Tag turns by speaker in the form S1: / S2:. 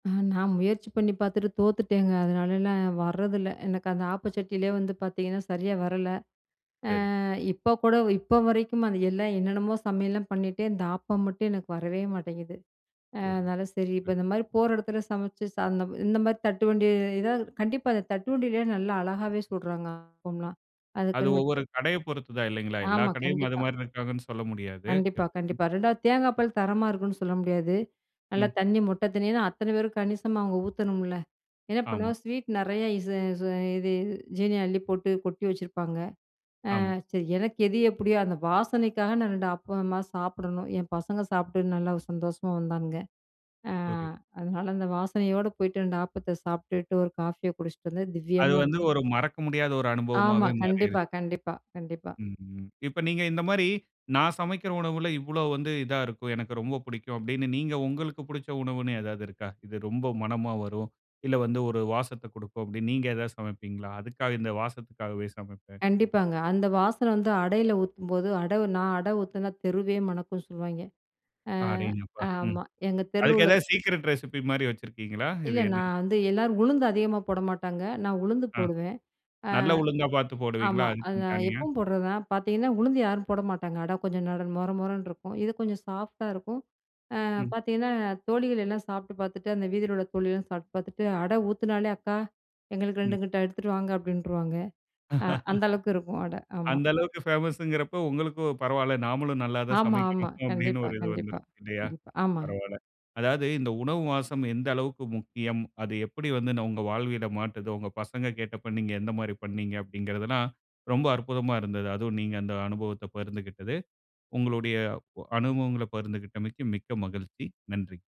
S1: அ, நான் முயற்சி பண்ணி பாத்துட்டு தோத்துட்டேங்க. அதனால நான் வரதில்ல. எனக்கு அந்த ஆப்ப சட்டிலேயே வந்து பாத்தீங்கன்னா சரியா வரல.
S2: சரி.
S1: அ இப்போ கூட இப்போ வரைக்கும், அது எல்லாம் என்னென்னமோ சமையல்லாம் பண்ணிட்டேன். இந்த ஆப்பம் மட்டும் எனக்கு வரவே மாட்டேங்குது. அ,
S2: புரி
S1: அதனால சரி இப்போ
S2: து.
S1: இந்த மாரி போற இடத்துல, சமைச்சு சா அந்த இந்த மாரி தட்டு வண்டில கண்டிப்பா அந்த தட்டுவண்டியிலேயே நல்லா அழகாவே சுட்றாங்க ஆப்பம்லாம்,
S2: அது
S1: அதுக்குன்னு வச்சு.
S2: ஒவ்வொரு கடையை பொறுத்துதான், இல்லைங்களா? எல்லா
S1: ஆமா,
S2: கடையும் அது
S1: கண்டிப்பா.
S2: மாரி இருக்கிறாங்கன்னு சொல்ல முடியாது.
S1: கண்டிப்பா, கண்டிப்பா. ரெண்டாவது தேங்கா பால் தரமா இருக்குன்னு சொல்ல முடியாது. நல்லா
S2: ம்.
S1: தண்ணி மொத்த தண்ணில, அத்தன பேரும் கணிசமா அவங்க ஊத்தணும்ல. என்ன
S2: ஆமா.
S1: பண்ணுவோம் ஸ்வீட் நிறையா இது இது இது ஜீனிய அள்ளி போட்டு கொட்டி வச்சுருப்பாங்க. அ
S2: ஆமா.
S1: சரி எனக்கு எது எப்படியோ, அந்த வாசனைக்காக நான் 2 ஆப்பமா சாப்பிடணும். என் பசங்க சாப்பிட்டு நல்லா சந்தோஷமா வந்தாங்க. அ
S2: புரிது.
S1: அதனால, அந்த வாசனையோடு போய்ட்டு 2 ஆப்பத்தை சாப்பிட்டுட்டு, 1 காஃபியை குடிச்சிட்டு வந்தது,
S2: அது
S1: திவ்யமா
S2: வந்து,
S1: இருந்தது.
S2: ஒரு மறக்க முடியாத ஒரு
S1: ஆமா.
S2: அனுபவமாவே மாறிருது.
S1: கண்டிப்பா கண்டிப்பா கண்டிப்பா.
S2: ம் இப்ப நீங்க இந்த மாரி, நான் சமைக்கிற உணவுல, "இவ்வளவு வந்து இதா இருக்கும், எனக்கு ரொம்ப பிடிக்கும்." அப்படினு, நீங்க உங்களுக்கு பிடிச்ச உணவு என்னு ஏதாவது இருக்கா? இது ரொம்ப மனமா வரும். இல்ல வந்து ஒரு வாசத்தை கொடுக்கும், அப்படினு நீங்க ஏதாவது சமைப்பீங்களா? அதுக்காக இந்த வாசத்திற்காகவே சமைப்பேன்.
S1: கண்டிப்பாங்க, அந்த வாசன வந்து அடையில ஊத்தும்போது அட நான் அடை ஊத்தினா தெருவே மணக்கும்னு சொல்வாய்ங்க. அ
S2: அடேங்கப்பா, ம்.
S1: ஆமா, எங்க தெருவுல
S2: அதுக்கு
S1: உள்ள
S2: ஏதாவது சீக்ரெட் ரெசிபி மாரி வச்சிருக்ககீங்களா? இது
S1: இல்ல,
S2: என்னனு
S1: நான் வந்து எல்லாரும் உளுந்து அதிகமா போட மாட்டாங்க. நான் உளுந்து
S2: அ,
S1: போடுவேன். அ
S2: நல்லா உளுந்தா பாத்து போடுவீங்களா,
S1: ஆமா. அது
S2: அதுக்குன்னு தனியா?
S1: எப்பவும் போடுறதுதான். பாத்தீங்கன்னா உளுந்து யாரும் போட மாட்டாங்க. அட கொஞ்சம் மொற மொறன்னு இருக்கும். இது கொஞ்சம் சாஃப்ட்டா இருக்கும். அ
S2: ம்.
S1: பாத்தீங்கன்னா, தோழிகள் எல்லாம் சாப்பிட்டு பாத்துட்டு, அந்த வீதியில உள்ள தோழி எல்லாம் சாப்பிட்டு பாத்துட்டு, அட ஊத்தேனாலே, "அக்கா எங்களுக்கு
S2: ம்.
S1: 2 கிட்ட எடுத்துட்டு வாங்க." அப்படின்ருவாங்க. அ, அந்த அளவுக்கு இருக்கும் அட, ஆமா.
S2: அந்த அளவுக்கு பேமஸ்ங்கறப்போ, உங்களுக்கும் "பரவால்ல, நாமளும் நல்லா தான்
S1: ஆமா, ஆமா.
S2: சமைக்கிறோம்," அப்படினு
S1: கண்டிப்பா,
S2: ஒரு இது
S1: கண்டிப்பா,
S2: வந்துரும் இல்லையா?
S1: கண்டிப்பா. ஆமா.
S2: பரவால்ல. அதாவது இந்த உணவு வாசம் எந்த அளவுக்கு முக்கியம். அது எப்படி வந்து நம்ம வாழ்வியல மாட்றுது, உங்க பசங்க கேட்டப்ப நீங்க எந்த மாதிரி பண்ணீங்க, அப்பங்கிறதெல்லாம் ரொம்ப அற்புதமா இருந்தது. அதுவும் நீங்க அந்த அனுபவத்தை பகிர்ந்துகிட்டது. உங்களுடைய அ அனுபவங்கள பகிர்ந்துகிட்டமைக்கு மிக்க மகிழ்ச்சி, நன்றி.